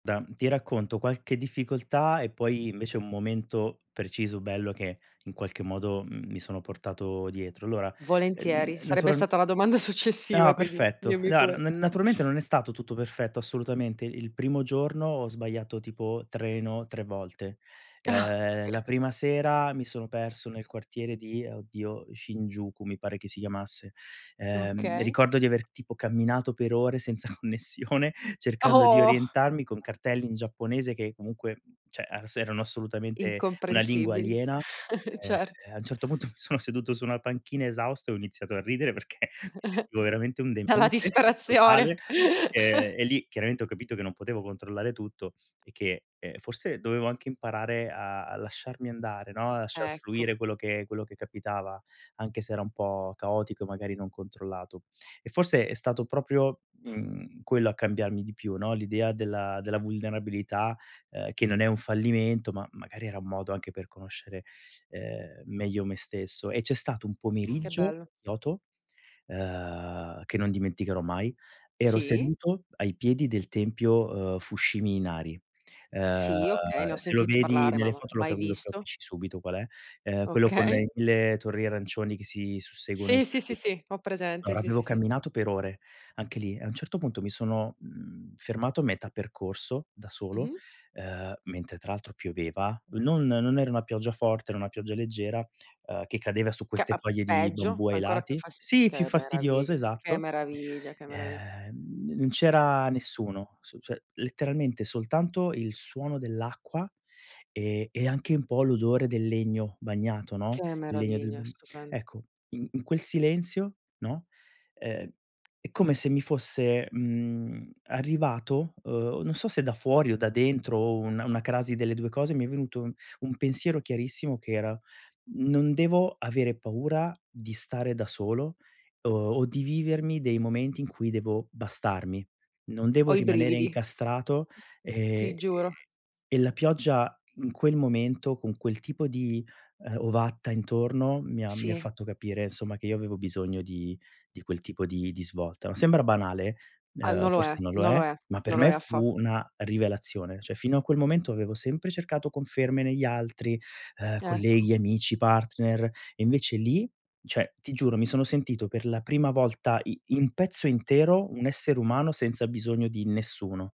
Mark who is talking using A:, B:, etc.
A: Da ti racconto qualche difficoltà, e poi invece un momento preciso, bello, che in qualche modo, mhmm, mi sono portato dietro. Allora, n
B: Volentieri, sarebbe
A: naturalm
B: stata la domanda successiva
A: Ah,
B: quindi
A: perfetto.
B: dimmi pure.
A: [unintelligible] n naturalmente non è stato tutto perfetto, assolutamente, il primo giorno ho sbagliato, tipo, treno 3 volte.
B: Ah,
A: Ehm,
B: okay.
A: la prima sera mi sono perso nel quartiere di oddio, Shinjuku, mi pare che si chiamasse, ehm,
B: Okay.
A: ricordo di aver tipo camminato per ore senza connessione cercando di
B: Oh.
A: orientarmi con cartelli in giapponese, che comunque cioè a s erano assolutamente una lingua
B: Incomprensibili,
A: aliena, ehm,
B: certo.
A: a un certo punto mi sono seduto su una panchina esausto, e ho iniziato a ridere perché mi sentivo veramente un
B: Dalla
A: demente
B: disperazione.
A: totale, ehm, e lì chiaramente ho capito che non potevo controllare tutto, e che, ehm, forse dovevo anche imparare a a lasciarmi andare, no, a lasciar
B: Ecco.
A: fluire quello che quello che capitava, anche se era un po' caotico, magari non controllato e forse è stato proprio, mhmm, quello a cambiarmi di più, no, l'idea della della vulnerabilità, ehm, che non è un fallimento, ma magari era un modo anche per conoscere, ehm, meglio me stesso, e c'è stato un
B: Che
A: pomeriggio,
B: bello.
A: Kyoto, uhm, che non dimenticherò mai, ero
B: Sì.
A: seduto ai piedi del tempio, ehm, Fushimi Inari uhm,
B: Sì, okay, ne ho
A: se lo
B: sentito
A: vedi
B: parlare ma
A: nelle
B: ma
A: foto lo
B: mai
A: capi lo
B: visto.
A: capisci subito qual è, uhm, quello con
B: Okay.
A: [unintelligible] le torri arancioni che si susseguono in
B: Sì, sì, sì,
A: salita.
B: sì, ho presente
A: Allora,
B: sì,
A: avevo
B: sì, sì.
A: camminato per ore, anche lì, a un certo punto mi sono, mhmm, fermato a metà percorso da solo,
B: Mh-mh.
A: uhm, mentre tra l'altro pioveva, non non era una pioggia forte, era una pioggia leggera, uhm, che cadeva su
B: Che
A: queste
B: a
A: foglie di
B: peggio
A: bambù ai
B: ancora più
A: lati
B: fas
A: sì, più
B: che
A: fastidiose,
B: meraviglia, che
A: esatto.
B: meraviglia, che meravi
A: Ehm, n non c'era nessuno, s cioè, letteralmente soltanto il suono dell'acqua e e anche un po' l'odore del legno bagnato, no,
B: Che
A: il legno del
B: meraviglia,
A: bamb
B: stupendo.
A: ecco, in in quel silenzio, no, ehm, è come se mi fosse, mhmm, arrivato, uhm, non so se da fuori o da dentro, o un una crasi delle 2 cose mi è venuto un pensiero chiarissimo che era: "Non devo avere paura di stare da solo, o o di vivermi dei momenti in cui devo bastarmi. Non devo
B: Ho i
A: rimanere
B: brividi.
A: incastrato." E
B: Ti
A: ehm,
B: giuro.
A: e la pioggia in quel momento, con quel tipo di, uhm, ovatta intorno, mi ha mi ha
B: Sì.
A: fatto capire insomma che io avevo bisogno di di quel tipo di di svolta. Sembra banale,
B: Ah,
A: uhm,
B: non lo è,
A: forse non lo
B: non
A: è,
B: lo è,
A: ma per
B: non lo è
A: me
B: affa
A: fu una rivelazione. Cioè fino a quel momento avevo sempre cercato conferme negli altri, uhm,
B: Ecco.
A: colleghi, amici, partner e invece lì, cioè, ti giuro, mi sono sentito per la prima volta i in pezzo intero un essere umano, senza bisogno di nessuno.